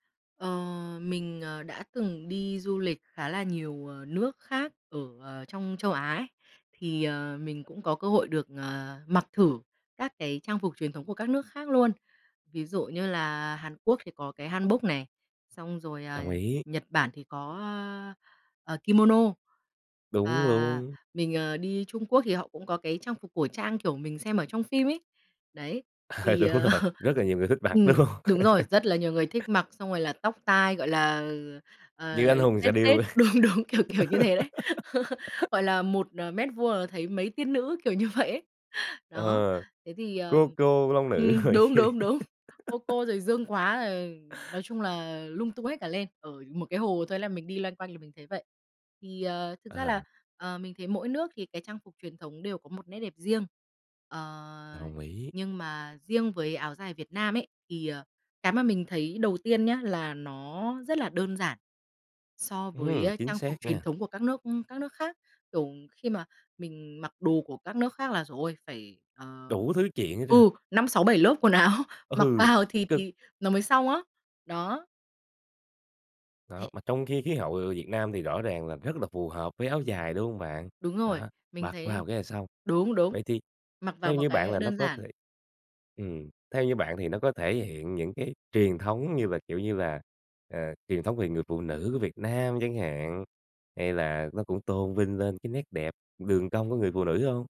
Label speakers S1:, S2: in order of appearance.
S1: Ờ, mình, ờ, đã từng đi du lịch khá là nhiều, ờ, nước khác ở, ờ, trong châu Á ấy, thì, ờ, mình cũng có cơ hội được, ờ, mặc thử các cái trang phục truyền thống của các nước khác luôn. Ví dụ như là Hàn Quốc thì có cái Hanbok nè, xong rồi, à,
S2: Đồng ý.
S1: Nhật Bản thì có, ơ, ờ, Kimono.
S2: Đúng
S1: Ờ,
S2: luôn.
S1: mình, ờ, đi Trung Quốc thì họ cũng có cái trang phục cổ trang, kiểu, mình xem ở trong phim ấy. Đấy,
S2: Ờ,
S1: thì,
S2: đúng
S1: ờ
S2: rồi, rất là nhiều người thích mặc,
S1: ừm,
S2: đúng hông?
S1: đúng rồi, rất là nhiều người thích mặc xong rồi là tóc tai gọi là, ờ, ờ,
S2: Như Anh hùng
S1: tết,
S2: xạ
S1: tết,
S2: điêu.
S1: đúng, đúng, kiểu, kiểu như thế đấy, gọi là 1, ờ, mét vuông là thấy mấy tiên nữ, kiểu như vậy ấy. Đó,
S2: Ờ,
S1: thế thì, ờ
S2: Cô Cô Long Nữ
S1: ừm,
S2: rổi
S1: đúng,
S2: kia.
S1: đúng, đúng, Cô Cô rồi Dương Quá, ờ, nói chung là lung tung hết cả lên. Ở một cái hồ thôi là mình đi loanh quanh là mình thấy vậy. Thì, ờ, thực ra là,
S2: À.
S1: ờ, mình thấy mỗi nước thì cái trang phục truyền thống đều có một nét đẹp riêng, ờ,
S2: Đồng ý.
S1: nhưng mà riêng với áo dài Việt Nam ấy, thì, ờ, cái mà mình thấy đầu tiên nhá, là nó rất là đơn giản so với
S2: Ừm,
S1: á,
S2: chính
S1: trang phục
S2: xác
S1: truyền
S2: nha.
S1: thống của các nước các nước khác. Kiểu, khi mà mình mặc đồ của các nước khác là giời ôi! Phải, ờ
S2: Đủ thứ chuyện hết trơn.
S1: ừ, 5-6-7 lớp quần áo mặc
S2: Ừ.
S1: vào thì
S2: Cực.
S1: thì nó mới xong á. Đó.
S2: Đó,
S1: Thế
S2: mà trong khi khí hậu, ờ, Việt Nam thì rõ ràng là rất là phù hợp với áo dài, đúng hông bạn?
S1: Đúng rồi.
S2: Đó,
S1: Mình
S2: mặc
S1: thấy
S2: vào cái là xong.
S1: đúng, đúng.
S2: Vậy thì
S1: Mặc vào
S2: theo
S1: một
S2: như
S1: cái,
S2: bạn
S1: ơ,
S2: là nó
S1: đơn
S2: có
S1: giản.
S2: thể ừm, theo như bạn thì nó có thể hiện những cái truyền thống như là, kiểu như là, ờ, truyền thống về người phụ nữ của Việt Nam chẳng hạn, hay là nó cũng tôn vinh lên cái nét đẹp đường cong của người phụ nữ hông?